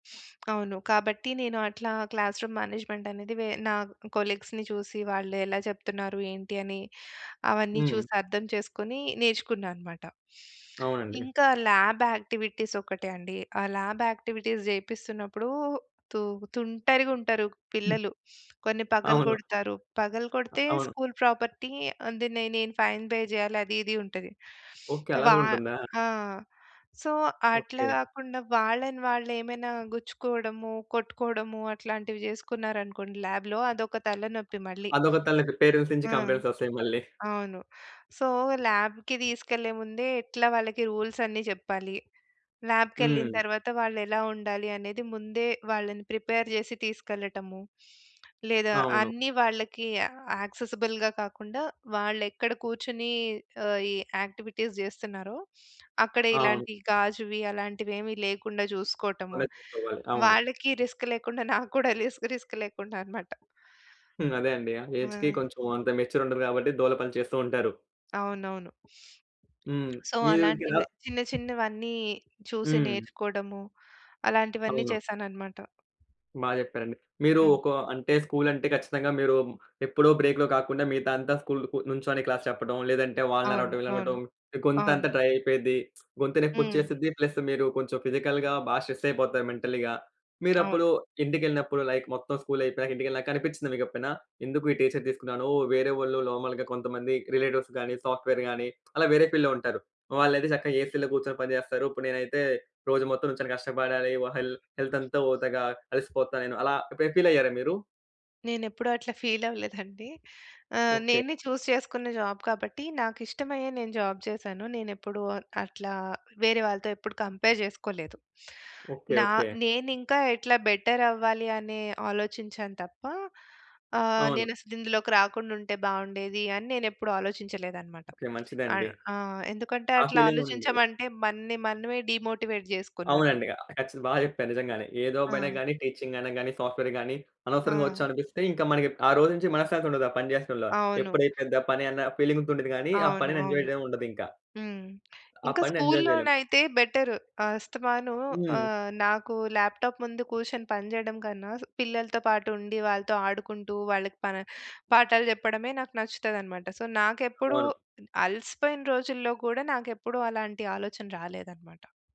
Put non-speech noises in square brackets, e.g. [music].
[sniffs] అవును. కాబట్టి నేను అట్లా క్లాస్ రూమ్ మేనేజ్‌మెంట్ అనేది వె నా కొలీగ్స్‌ని చూసి వాళ్ళు ఎలా చెప్తున్నారు, ఏంటి అని, అవన్నీ హ్మ్. చూసి అర్థం చేసుకొని నేర్చుకున్నా అన్నమాట. అవునండి. ఇంకా ల్యాబ్ యాక్టివిటీస్ ఒకటే అండి. ఆ ల్యాబ్‌ యాక్టివిటీస్ జేపిస్తున్నప్పుడు, తు తుంటరిగా ఉంటరు హ్మ్. పిల్లలు. [sniffs] కొన్ని అవును. పగలగొడతారు. అ పగలగొడితే అవును. స్కూల్ ప్రాపర్టీ అది నే నేను ఫైన్ పే జేయాలి అది, ఇది ఉంటది. ఓకే. అలా వా గూడ ఉంటుందా? ఆ! సో, అట్లా ఓకే. గాకుండా వాళ్ళని వాళ్ళేమైనా గుచ్చుకోవడము, కొట్టుకోవడము అట్లాంటివి జేసుకున్నారనుకోండి లాబ్‌లో అదొక తలనొప్పి మళ్ళీ. అదొక తలకి పేరెంట్స్ నుంచి ఆ! కంప్లెయింట్స్ ఒస్తాయి మళ్ళి. అవును. సో, ల్యాబ్‌కి దీసుకెళ్ళే ముందే ఎట్లా వాళ్ళకి రూల్స్ అన్నీ జెప్పాలి. ల్యాబ్‌కెళ్ళిన హ్మ్. తర్వాత, వాళ్ళెలా ఉండాలి అనేది ముందే వాళ్ళని ప్రిపేర్ జేసి తీసుకెళ్లటము. లేదా అవును. అన్ని వాళ్ళకి యాక్సెసిబుల్‌గా కాకుండా, వాళ్ళెక్కడ కూర్చొని ఆహ్, ఈ యాక్టివిటీస్ జేస్తున్నారో అక్కడ అవును. ఇలాంటి గాజువి అలాంటివేమి లేకుండా జూసుకోవటము, మనమే చూసుకోవాలి. అవును. వాళ్ళకి రిస్క్ లేకుండా, నాకు కూడా రిస్క్ రిస్క్ లేకుండా అన్నమాట. [chuckles] అదే! అండి. ఆ ఏజ్‌కి ఆ! కొంచెం అంత మెచ్యూర్ ఉండదు కాబట్టి దూల పని చేస్తూ ఉంటారు. అవునవును. హ్మ్. [sniffs] సో, మీరు ఇంకెలా అలాంటివే చిన్న, చిన్నవన్ని చూసి హ్మ్. నేర్చుకోవడము అలాంటివన్నీ అవును. చేశానన్నమాట. బా జెప్పారండి. మీరు హ్మ్. ఒక అంటే స్కూల్ అంటే ఖచ్చితంగా మీరు, ఎప్పుడో బ్రేక్‌లో కాకుండా మిగతా అంతా స్కూల్‌కు నుంచొని క్లాస్ చెప్పడం, లేదంటే వాళ్ళని అవును. అరవడం అవును. వీళ్ళనరవటం అవును. గొంతంతా డ్రై అయిపోద్ది. గొంతు నొప్పి హ్మ్. ఒచ్చేసిద్ది ప్లస్ మీరు కొంచెం ఫిజికల్‌గా బా స్ట్రెస్ అయిపోతారు మెంటల్‌గా. మీరప్పుడు అవును. ఇంటికెళ్ళినప్పుడు లైక్ మొత్తం స్కూల్ అయిపోయాక ఇంటికెళ్ళినాక అనిపించిందా మీకు ఎప్పుడైనా? ఎందుకు ఈ టీచర్ తీసుకున్నాను, వేరే వాళ్ళు నార్మల్‌గా కొంతమంది రిలేటివ్స్ గానీ సాఫ్ట్‌వేర్ గాని అలా వేరే ఫీల్డ్‌లో ఉంటారు. వాళ్ళయితే చక్కగా ఏసీ‌లో గూర్చొని పని జేస్తారు. ఇప్పుడు నేనైతే రోజు మొత్తం నించొని కష్టపడాలి వా హెల్ హెల్త్ అంతా వోతదిగా అలిసిపోతా నేను అలా ఎప్పుడైనా ఫీల్ అయ్యారా మీరు? నేనేప్పుడూ అట్ల ఫీల్ అవ్వలేదండి. ఆహ్, ఓకే. నేనే చూస్ చేసుకున్న జాబ్ కాబట్టి, నాకిష్టమయ్యే నేను జాబ్ చేసాను. నేనేప్పుడూ అట్లా, వేరే వాళ్ళతో ఎప్పుడు కంపేర్ జేసుకోలేదు. ఓకే. నా ఓకే. నేనింకా ఎట్లా బెటర్ అవ్వాలి అనే ఆలోచించాను తప్ప ఆహ్, అవును. నేనసలు ఇందులోకి రాకుండుంటే బావుండేది, అని నేనేప్పుడూ ఆలోచించలేదన్నమాట. ఓకే. మంచిదండి. అన్ ఆహ్, ఎందుకంటే ఆ అట్లా ఫీలింగ్ గూడ ఉండాలి. ఆలోచించామంటే, మన్ని మనమే డీమోటివేట్ జేసుకున్నట్టు. అవునండి. ఆహ్, కచ్చితం బా జెప్పారు నిజంగానే. ఏ జాబ్ అయినా ఆ! గాని, టీచింగ్ అయిన గాని, సాఫ్ట్‌వేర్ గాని, అనవసరంగా ఆ! ఒచ్చామనిపిస్తే ఇంకా మనకి ఆ రోజు నుంచి మనశ్శాంతి ఉండదు ఆ పని చేసటం‌లో. అవును. ఎప్పుడైపోద్దా పని అన్న ఫీలింగ్‌తో ఉంటది గాని, ఆ అవును. పనిని ఎంజాయ్ అవును. చేయడం ఉండదింకా. హ్మ్. ఆ! ఇంకా పనిని ఎంజాయ్ జేయలేం. స్కూల్‌లోనయితే బెటర్. అస్తమానం హ్మ్. ఆహ్, నాకు ల్యాప్‌టాప్ ముందు కూర్చొని పని జేయడం కన్నా, స్ పిల్లలతో పాటు ఉండి వాళ్ళతో ఆడుకుంటూ, వాళ్ళకి పన పాఠాలు జెప్పడమే నాకు నచ్చుతదన్నమాట. సో, నాకెప్పుడూ అవును. అలసిపోయిన రోజుల్లో గూడా, నాకెప్పుడూ అలాంటి ఆలోచన రాలేదన్నమాట.